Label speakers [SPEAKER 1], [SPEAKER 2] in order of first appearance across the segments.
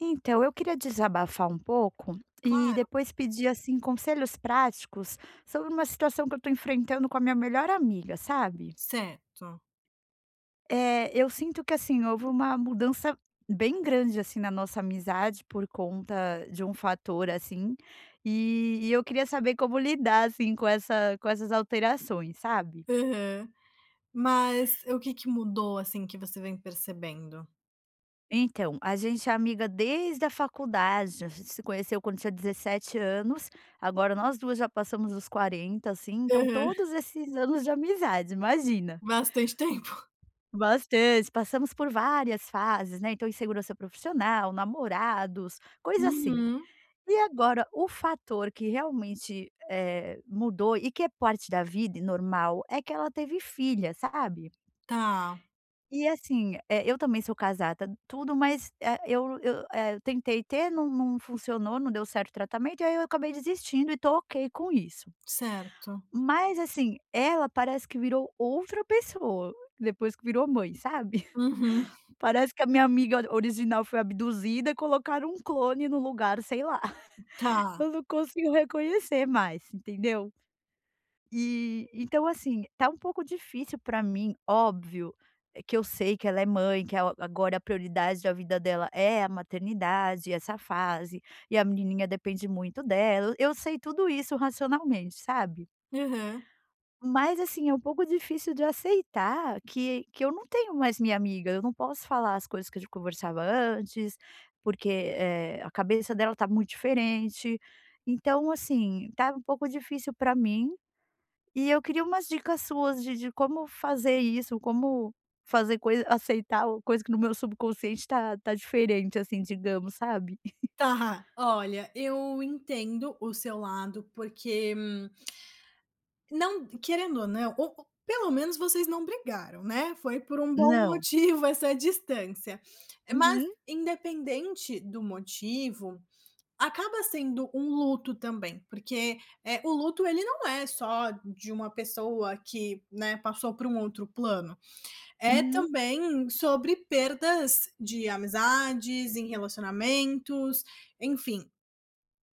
[SPEAKER 1] Então, eu queria desabafar um pouco e
[SPEAKER 2] Claro.
[SPEAKER 1] depois pedir, assim, conselhos práticos sobre uma situação que eu estou enfrentando com a minha melhor amiga, sabe?
[SPEAKER 2] Certo.
[SPEAKER 1] É, eu sinto que, assim, houve uma mudança bem grande assim, na nossa amizade, por conta de um fator assim, e e eu queria saber como lidar assim com essa com essas alterações, sabe?
[SPEAKER 2] Aham. Mas o que que mudou, assim, que você vem percebendo?
[SPEAKER 1] Então, a gente é amiga desde a faculdade. A gente se conheceu quando tinha 17 anos. Agora, nós 2 já passamos dos 40, assim. Então,
[SPEAKER 2] Aham.
[SPEAKER 1] todos esses anos de amizade, imagina.
[SPEAKER 2] Bastante tempo.
[SPEAKER 1] Bastante. Passamos por várias fases, né, então, insegurança profissional, namorados, coisa assim.
[SPEAKER 2] Uhum.
[SPEAKER 1] E agora, o fator que realmente, eh, mudou e que é parte da vida e normal, é que ela teve filha, sabe?
[SPEAKER 2] Tá.
[SPEAKER 1] E assim, eh, eu também sou casada, tudo, mas, eh, eu eu, eh, tentei ter, não não funcionou, não deu certo o tratamento, e aí, eu acabei desistindo e estou ok com isso.
[SPEAKER 2] Certo.
[SPEAKER 1] Mas assim, ela parece que virou outra pessoa, depois que virou mãe, sabe.
[SPEAKER 2] Uhum.
[SPEAKER 1] Parece que a minha amiga original foi abduzida e colocaram um clone no lugar, sei lá.
[SPEAKER 2] Tá.
[SPEAKER 1] Eu não consigo reconhecer mais, entendeu? E, então assim, tá um pouco difícil para mim. Óbvio que eu sei que ela é mãe, que é é agora a prioridade da vida dela é a maternidade, essa fase, e a menininha depende muito dela. Eu sei tudo isso racionalmente, sabe?
[SPEAKER 2] Aham.
[SPEAKER 1] Mas assim, é um pouco difícil de aceitar que que eu não tenho mais minha amiga. Eu não posso falar as coisas que a gente conversava antes, porque, eh, a cabeça dela está muito diferente. Então assim, tá um pouco difícil para mim e eu queria umas dicas suas de de como fazer isso, como fazer coisa aceitar, ou coisa que no meu subconsciente tá tá diferente assim, digamos, sabe?
[SPEAKER 2] Tá. Olha, eu entendo o seu lado, porque, hum, não querendo ou não, o ou pelo menos vocês não brigaram, né? Foi por um bom
[SPEAKER 1] Não.
[SPEAKER 2] motivo essa distância. Mas,
[SPEAKER 1] Uhum.
[SPEAKER 2] independente do motivo, acaba sendo um luto também, porque, eh, o luto, ele não é só de uma pessoa que, né, passou para um outro plano, é
[SPEAKER 1] Uhum.
[SPEAKER 2] também sobre perdas de amizades em relacionamentos, enfim.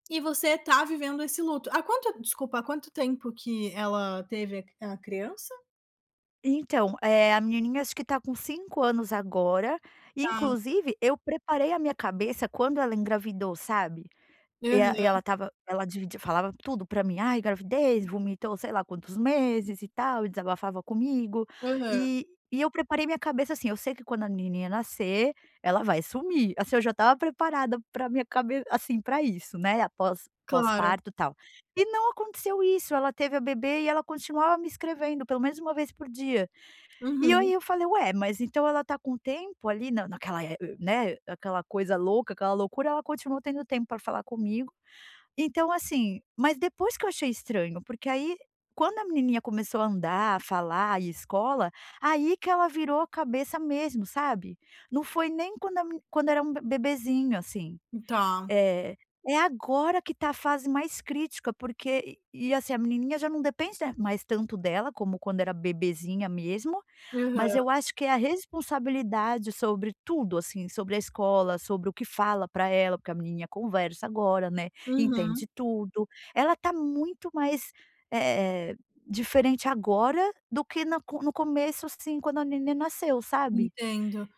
[SPEAKER 2] E você está vivendo esse luto. Há quanto desculpa, há quanto tempo que ela teve a a criança?
[SPEAKER 1] Então, eh, a menininha acho que está com 5 anos agora e,
[SPEAKER 2] Tá.
[SPEAKER 1] inclusive, eu preparei a minha cabeça quando ela engravidou, sabe. E a e ela
[SPEAKER 2] Aham.
[SPEAKER 1] estava, ela dividi falava tudo pra mim, "Ai, gravidez", vomitou, sei lá quantos meses e tal, e desabafava comigo.
[SPEAKER 2] Aham.
[SPEAKER 1] E e eu preparei minha cabeça assim: eu sei que quando a menininha nascer, ela vai sumir. Assim, eu já estava preparada para a minha cabe assim pra isso, né, após
[SPEAKER 2] Claro.
[SPEAKER 1] pós-parto e tal. E não aconteceu isso. Ela teve a bebê e ela continuava me escrevendo, pelo menos 1 vez por dia. E aí
[SPEAKER 2] Uhum.
[SPEAKER 1] eu falei: "Ué, mas então ela tá com tempo ali na naquela né, aquela coisa louca, aquela loucura, ela continua tendo tempo para falar comigo". Então, assim, mas depois que eu achei estranho, porque aí, quando a menininha começou a andar, a falar e ir a escola, aí que ela virou a cabeça mesmo, sabe. Não foi nem quando a me quando era um bebezinho, assim,
[SPEAKER 2] hum, tá.
[SPEAKER 1] eh, é agora que tá a fase mais crítica, porque e e assim a menininha já não depende, né, mais tanto dela, como quando era bebezinha mesmo. Mas
[SPEAKER 2] Aham.
[SPEAKER 1] eu acho que é a responsabilidade sobre tudo, assim, sobre a escola, sobre o que fala pra ela, porque a menina conversa agora, né,
[SPEAKER 2] Uhum.
[SPEAKER 1] entende tudo. Ela tá muito mais, eh, diferente agora do que na co no começo, assim, quando a neném nasceu, sabe.
[SPEAKER 2] Entendo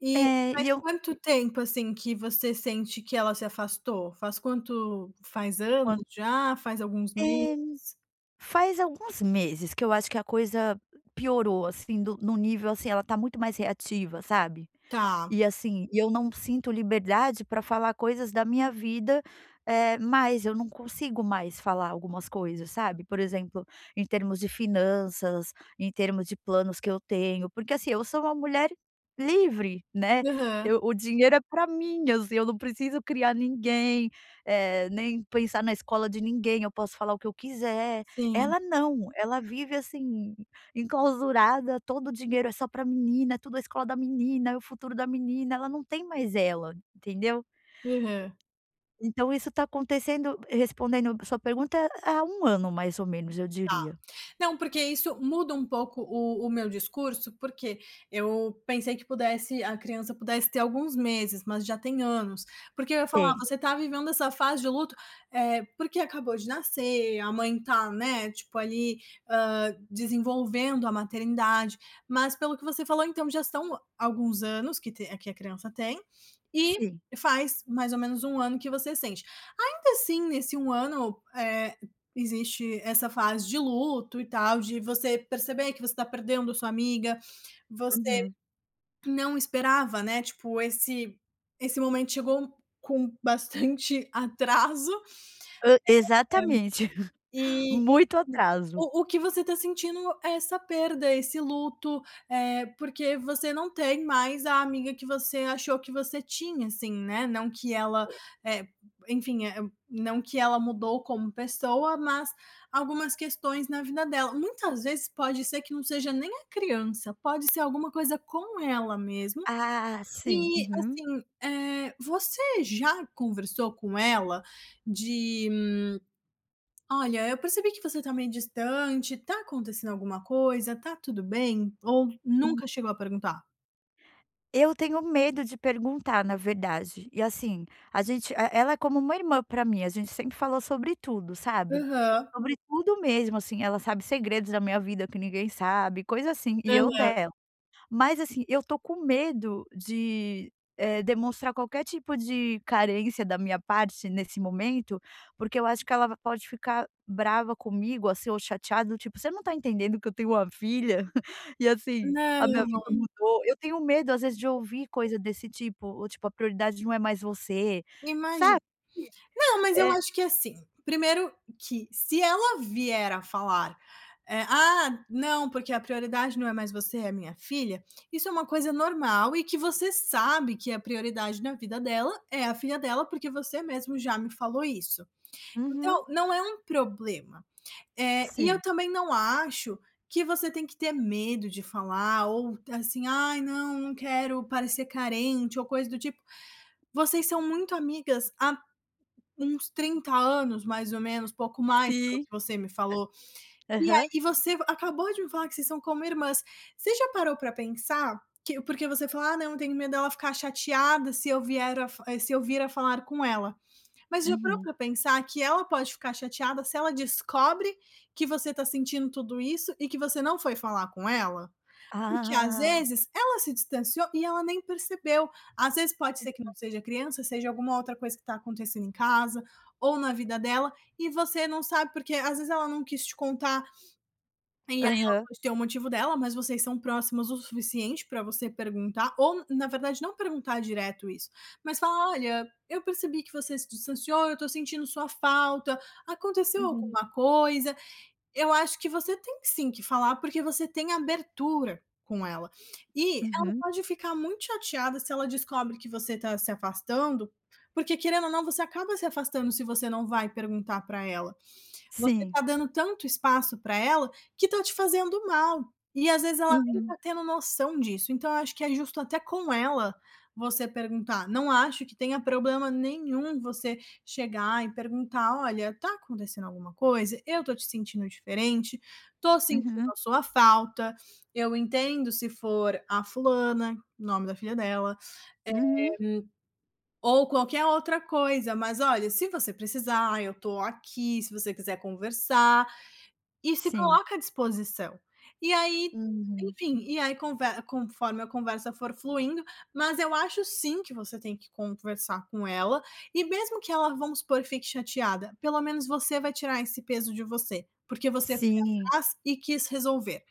[SPEAKER 2] e
[SPEAKER 1] É,
[SPEAKER 2] faz
[SPEAKER 1] e eu
[SPEAKER 2] quanto tempo assim que você sente que ela se afastou? Faz quanto faz anos
[SPEAKER 1] Quanto
[SPEAKER 2] já, faz alguns
[SPEAKER 1] Eh,
[SPEAKER 2] meses?
[SPEAKER 1] faz alguns meses que eu acho que a coisa piorou, assim, no no nível, assim, ela tá muito mais reativa, sabe.
[SPEAKER 2] Tá.
[SPEAKER 1] E, assim, e eu não sinto liberdade pra falar coisas da minha vida, eh, mas eu não consigo mais falar algumas coisas, sabe, por exemplo, em termos de finanças, em termos de planos que eu tenho, porque, assim, eu sou uma mulher livre, né.
[SPEAKER 2] Aham.
[SPEAKER 1] Eu o dinheiro é pra mim, assim, eu não preciso criar ninguém, eh, nem pensar na escola de ninguém. Eu posso falar o que eu quiser.
[SPEAKER 2] Sim.
[SPEAKER 1] Ela não, ela vive, assim, enclausurada. Todo o dinheiro é só para a menina, tudo a escola da menina, o futuro da menina. Ela não tem mais ela, entendeu?
[SPEAKER 2] Aham.
[SPEAKER 1] Então isso está acontecendo, respondendo a sua pergunta, há 1 ano, mais ou menos, eu
[SPEAKER 2] Tá,
[SPEAKER 1] diria.
[SPEAKER 2] não, porque isso muda um pouco o o meu discurso, porque eu pensei que pudesse a criança pudesse ter alguns meses, mas já tem anos, porque eu ia falar:
[SPEAKER 1] Tem.
[SPEAKER 2] "Você tá vivendo essa fase de luto, eh, porque acabou de nascer, a mãe tá, né, tipo ali, hã, desenvolvendo a maternidade.", mas, pelo que você falou, então já são alguns anos que te que a criança tem, e
[SPEAKER 1] Sim.
[SPEAKER 2] faz, mais ou menos, 1 ano que você sente. Ainda assim, nesse 1 ano, eh, existe essa fase de luto e tal, de você perceber que você tá perdendo sua amiga. Você
[SPEAKER 1] Uhum.
[SPEAKER 2] não esperava, né, tipo, esse esse momento chegou com bastante atraso,
[SPEAKER 1] Hã, exatamente,
[SPEAKER 2] eh, e enfim
[SPEAKER 1] muito atraso.
[SPEAKER 2] o o que você tá sentindo é essa perda, esse luto, eh, porque você não tem mais a amiga que você achou que você tinha, assim, né, não que ela é enfim, eh, não que ela mudou como pessoa, mas algumas questões na vida dela. Muitas vezes pode ser que não seja nem a criança, pode ser alguma coisa com ela mesmo.
[SPEAKER 1] Ah, sim,
[SPEAKER 2] E,
[SPEAKER 1] uhum.
[SPEAKER 2] assim, eh, você já conversou com ela de: "Olha, eu percebi que você tá meio distante, tá acontecendo alguma coisa? Tá tudo bem?", ou
[SPEAKER 1] Hum.
[SPEAKER 2] nunca chegou a perguntar?
[SPEAKER 1] Eu tenho medo de perguntar, na verdade. E, assim, a gente e ela é como uma irmã pra mim. A gente sempre falou sobre tudo, sabe.
[SPEAKER 2] Aham.
[SPEAKER 1] Sobre tudo, mesmo, assim. Ela sabe segredos da minha vida que ninguém sabe, coisa assim, e eu
[SPEAKER 2] Aham.
[SPEAKER 1] dela. Mas, assim, eu estou com medo de, eh, demonstrar qualquer tipo de carência da minha parte nesse momento, porque eu acho que ela vai pode, ficar brava comigo, assim, ou chateada, do tipo: "Você não está entendendo que eu tenho uma filha e, assim, a minha
[SPEAKER 2] Não.
[SPEAKER 1] vida mudou.". Eu tenho medo, às vezes, de
[SPEAKER 2] [unintelligible]
[SPEAKER 1] ouvir coisa desse tipo ou, tipo: "A prioridade não é mais você",
[SPEAKER 2] Imagi
[SPEAKER 1] sabe?
[SPEAKER 2] não, mas eu
[SPEAKER 1] É
[SPEAKER 2] acho que é assim. Primeiro que, se ela vier a falar, eh: "Ah, não, porque a prioridade não é mais você, é minha filha", isso é uma coisa normal e que você sabe que a prioridade na vida dela é a filha dela, porque você mesmo já me falou isso.
[SPEAKER 1] Uhum.
[SPEAKER 2] Então, não é um problema, eh, e eu
[SPEAKER 1] Sim.
[SPEAKER 2] também não acho que você tem que ter medo de falar ou, assim: "Ai, não, não quero parecer carente", ou coisa do tipo. Vocês são muito amigas há uns 30 anos, mais ou menos, pouco mais, pelo o
[SPEAKER 1] Sim
[SPEAKER 2] que você me falou, e aí,
[SPEAKER 1] aham.
[SPEAKER 2] e você acabou de me falar que vocês são como irmãs. Você já parou pra pensar que porque você fala: "Ah, não, eu tenho medo dela ficar chateada se eu vier a f eh, se eu vier a falar com ela", mas já para
[SPEAKER 1] Uhum.
[SPEAKER 2] pra pensar que ela pode ficar chateada se ela descobre que você está sentindo tudo isso e que você não foi falar com ela? Porque, às
[SPEAKER 1] Ah.
[SPEAKER 2] vezes, ela se distanciou e ela nem percebeu. Às vezes, pode ser que não
[SPEAKER 1] Uhum.
[SPEAKER 2] seja criança, seja alguma outra coisa que está acontecendo em casa ou na vida dela. E você não sabe porque, às vezes, ela não quis te contar, e aí ela
[SPEAKER 1] Aham.
[SPEAKER 2] pode ter o motivo dela. Mas vocês são próximas o suficiente para você perguntar ou, na verdade, não perguntar direto isso, mas fala: "Olha, eu percebi que você se distanciou, eu estou sentindo sua falta, aconteceu
[SPEAKER 1] Uhum.
[SPEAKER 2] alguma coisa?". Eu acho que você tem sim que falar, porque você tem abertura com ela e ela
[SPEAKER 1] Uhum.
[SPEAKER 2] pode ficar muito chateada se ela descobre que você está se afastando, porque, querendo ou não, você acaba se afastando se você não vai perguntar pra ela. Você
[SPEAKER 1] Sim.
[SPEAKER 2] tá dando tanto espaço para ela, que tá te fazendo mal e, às vezes, ela nem
[SPEAKER 1] Uhum.
[SPEAKER 2] tá tendo noção disso. Então, eu acho que é justo até com ela você perguntar. Não acho que tenha problema nenhum você chegar e perguntar: "Olha, está acontecendo alguma coisa? Eu estou te sentindo diferente, estou sentindo
[SPEAKER 1] Uhum.
[SPEAKER 2] a sua falta, eu entendo se for a fulana", o nome da filha dela, eh, hum,
[SPEAKER 1] Uhum.
[SPEAKER 2] ou qualquer outra coisa. "Mas, olha, se você precisar, eu estou aqui. Se você quiser conversar", e se
[SPEAKER 1] Sim.
[SPEAKER 2] coloca à disposição. E aí,
[SPEAKER 1] Uhum.
[SPEAKER 2] enfim, e aí conve conforme a conversa for fluindo, mas eu acho, sim, que você tem que conversar com ela e, mesmo que ela, vamos supor que fique chateada, pelo menos você vai tirar esse peso de você, porque você foi
[SPEAKER 1] Sim.
[SPEAKER 2] atrás e quis resolver.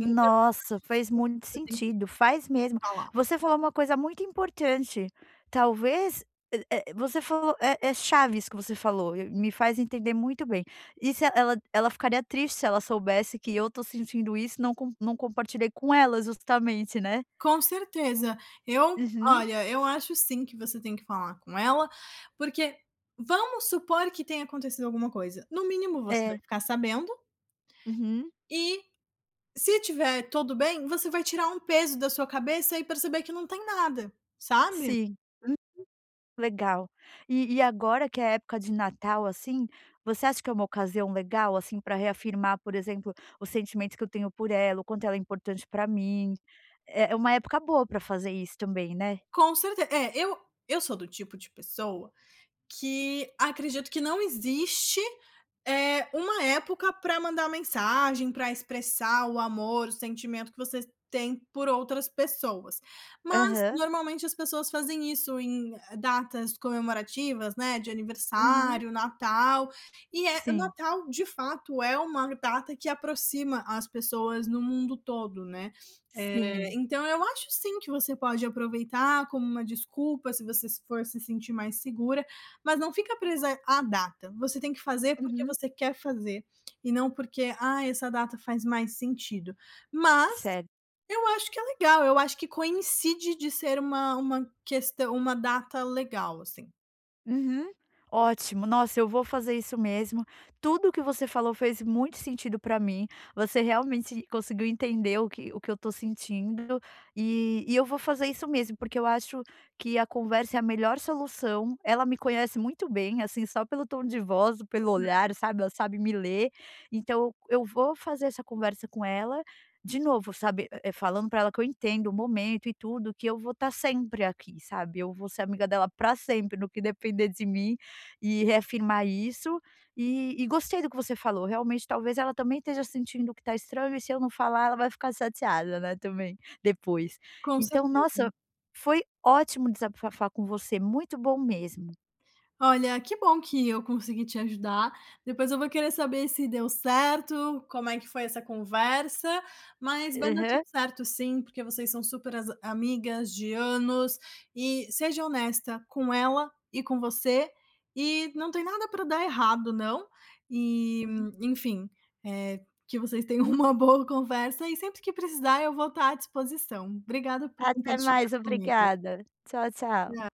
[SPEAKER 2] Então, eu
[SPEAKER 1] Nossa,
[SPEAKER 2] acho, sim,
[SPEAKER 1] fez muito
[SPEAKER 2] que você tem que
[SPEAKER 1] sentido, faz mesmo.
[SPEAKER 2] falar.
[SPEAKER 1] Você falou uma coisa muito importante, talvez é é você falou é é chave isso que você falou e me faz entender muito bem e se ela ela ficaria triste se ela soubesse que eu estou sentindo isso, não comp não compartilhei com ela justamente, né.
[SPEAKER 2] Com certeza, eu
[SPEAKER 1] Uhum.
[SPEAKER 2] olha, eu acho sim que você tem que falar com ela. porque. vamos supor que tenha acontecido alguma coisa, no mínimo, você vai
[SPEAKER 1] É.
[SPEAKER 2] ficar sabendo
[SPEAKER 1] Uhum.
[SPEAKER 2] e se tiver tudo bem, você vai tirar um peso da sua cabeça e perceber que não tem nada, sabe.
[SPEAKER 1] Sim, uhum, legal. E e agora que é a época de Natal, assim, você acha que é uma ocasião legal assim, para reafirmar, por exemplo, os sentimentos que eu tenho por ela, o quanto ela é importante para mim é é uma época boa pra fazer isso também, né.
[SPEAKER 2] Com certe é, eu eu sou do tipo de pessoa que acredito que não existe, eh, uma época para mandar mensagem para expressar o amor, o sentimento que você tem por outras pessoas. Mas,
[SPEAKER 1] Aham.
[SPEAKER 2] normalmente, as pessoas fazem isso em datas comemorativas, né. De
[SPEAKER 1] Uhum.
[SPEAKER 2] aniversário, Natal, e é o
[SPEAKER 1] Sim.
[SPEAKER 2] Natal, de fato, é uma data que aproxima as pessoas no mundo todo, né. Eh,
[SPEAKER 1] Sim.
[SPEAKER 2] então eu acho, sim, que você pode aproveitar como uma desculpa, se você for se sentir mais segura, mas não fica presa à data. Você tem que fazer porque
[SPEAKER 1] Uhum.
[SPEAKER 2] você quer fazer e não porque: "Ah, essa data faz mais sentido", mas
[SPEAKER 1] Certo.
[SPEAKER 2] eu acho que é legal. Eu acho que coincide de ser uma uma questão, uma data legal, assim.
[SPEAKER 1] Uhum, ótimo. Nossa, eu vou fazer isso mesmo. Tudo o que você falou fez muito sentido para mim. Você realmente conseguiu entender o que o que eu estou sentindo, e e eu vou fazer isso mesmo, porque eu acho que a conversa é a melhor solução. Ela me conhece muito bem, assim, só pelo tom de voz ou pelo
[SPEAKER 2] [unintelligible]
[SPEAKER 1] olhar, sabe, ela sabe me ler. Então, eu vou fazer essa conversa com ela, de novo, sabe, é, falando pra ela que eu entendo o momento e tudo, que eu vou estar sempre aqui, sabe. Eu vou ser amiga dela para sempre, no que depender de mim, e reafirmar isso. E e gostei do que você falou. Realmente, talvez ela também esteja sentindo o que está estranho. E, se eu não falar, ela vai ficar chateada, né. Também depois.
[SPEAKER 2] Com
[SPEAKER 1] Então,
[SPEAKER 2] certeza.
[SPEAKER 1] nossa, foi ótimo desabafar com você. Muito bom mesmo.
[SPEAKER 2] Olha, que bom que eu consegui te ajudar. Depois eu vou querer saber se deu certo, como é que foi essa conversa, mas vai dar tudo
[SPEAKER 1] Aham.
[SPEAKER 2] certo, sim, porque vocês são super as amigas de anos. E seja honesta com ela e com você, e não tem nada para dar errado, não. Eh,
[SPEAKER 1] Uhum.
[SPEAKER 2] enfim, eh, que vocês tenham uma boa conversa e, sempre que precisar, eu vou estar à disposição. Obrigado por
[SPEAKER 1] Até
[SPEAKER 2] compartilhar
[SPEAKER 1] mais.
[SPEAKER 2] comigo.
[SPEAKER 1] Obrigada. Tchau,
[SPEAKER 2] Na
[SPEAKER 1] tchau.